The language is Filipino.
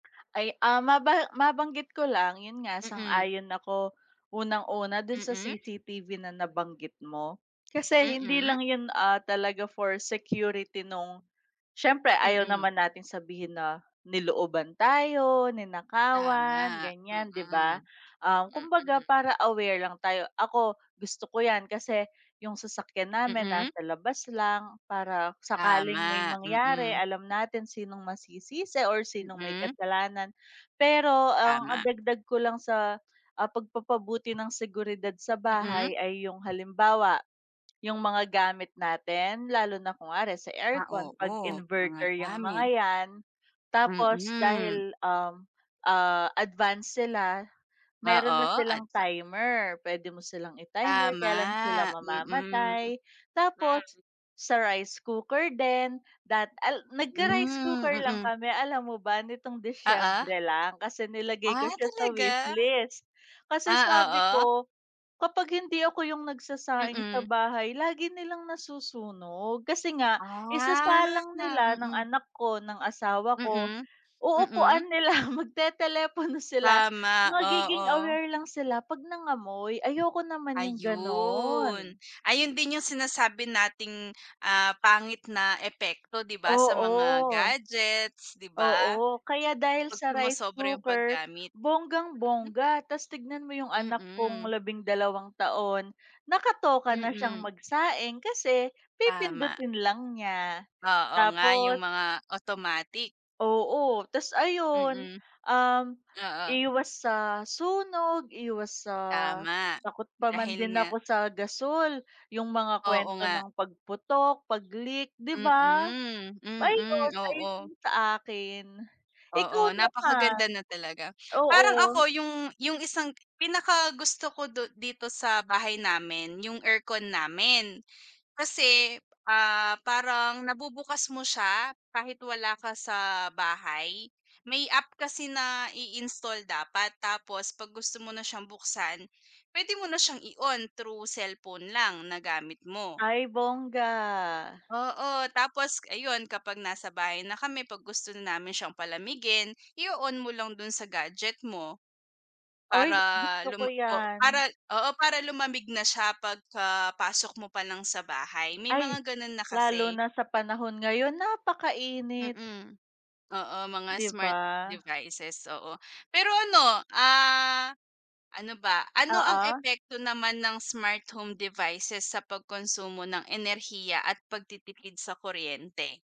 Ay, ah, maba mabanggit ko lang yun nga Mm. sang-ayon ako, unang-una dun sa Mm. CCTV na nabanggit mo. Kasi hindi Mm. lang yun, ah, talaga for security nung siyempre ayaw Mm. naman nating sabihin na nilooban tayo, ninakawan Tama. ganyan, 'di ba? Mm. Ah, kumbaga Mm. para aware lang tayo. Ako gusto ko yan, kasi yung sasakyan namin Mm. nasa labas lang para sakaling may Tama. mangyari Mm. alam natin sinong masisisi or sinong may Mm. kasalanan. Pero ang, ah, Tama. dagdag ko lang sa, ah, pagpapabuti ng seguridad sa Mm. bahay ay yung halimbawa, yung mga gamit natin lalo na kunwari sa Ah, aircon pag oo mga inverter yang mga gamit. yan. Tapos Mm. dahil, um, ah, advance sila, meron na Oo. At silang va timer, pwede mo silang i-timer, kailan sila Tama. Mm. Mm. mamamatay. Tapos sa rice cooker din dat al nagka-rice cooker Hmm. lang Mm. kami, alam mo ba nitong Oo. Disyembre lang, kasi nilagay ko Ah, siya sa talaga. wishlist. Kasi Ah, sabi oo. ko, kapag hindi ako yung nagsasaing sa Mm. bahay lagi nilang nasusunog kasi nga Ah. isasalang nila, ng Mm. anak ko, ng asawa ko, Mm. Mm. uupuan nila magtetelepono sila. Tama, Magiging oo. aware lang sila pag nangamoy, ayoko naman yung Ayun, ganon. ayun din yung sinasabi nating, ah, pangit na epekto, 'di ba, sa mga Oo. gadgets, 'di ba? Oo, kaya dahil Pag sa rice sumosobra yung cooker paggamit. bonggang-bongga, tas tignan mo yung anak kong Mm. labing dalawang taon, nakatoka na siyang Mm. magsaing kasi Tama. pipindutin lang niya. Oo nga yung Tapos mga automatic. Oo, tas ayun, Mm. um, Oo. iwas sa sunog, iwas sa Tama. takot pa man Dahil din nga ako sa gasul yung mga Oo kwento nga. ng pagputok, pag-leak, 'di ba? Mm. Mm. Ayon, Oo. ayon sa akin. Ikaw Oo, naman? napakaganda na talaga. Parang Oo. ako yung yung isang pinakagusto ko du dito sa bahay namin yung aircon namin. Kasi, ah, parang nabubukas mo siya kahit wala ka sa bahay, may app kasi na i-install dapat. Tapos pag gusto mo na siyang buksan pwede mo na siyang i-on through cellphone lang na gamit mo. Ay bonga! Oo, tapos ayun kapag nasa bahay na kami pag gusto namin siyang palamigin i-o-on mo lang dun sa gadget mo. Para Uy, gusto ko luma oh, yan. para oo para lumamig na siya pagka pasok mo pa lang sa bahay may Ay, mga ganun na lalo kasi. na sa panahon ngayon napakainit. Mm. Oo, mga 'Di smart ba? devices, oo. Pero ano, ah, ano ba, ano ang Oo. epekto naman ng smart home devices sa pagkonsumo ng enerhiya at pagtitipid sa kuryente?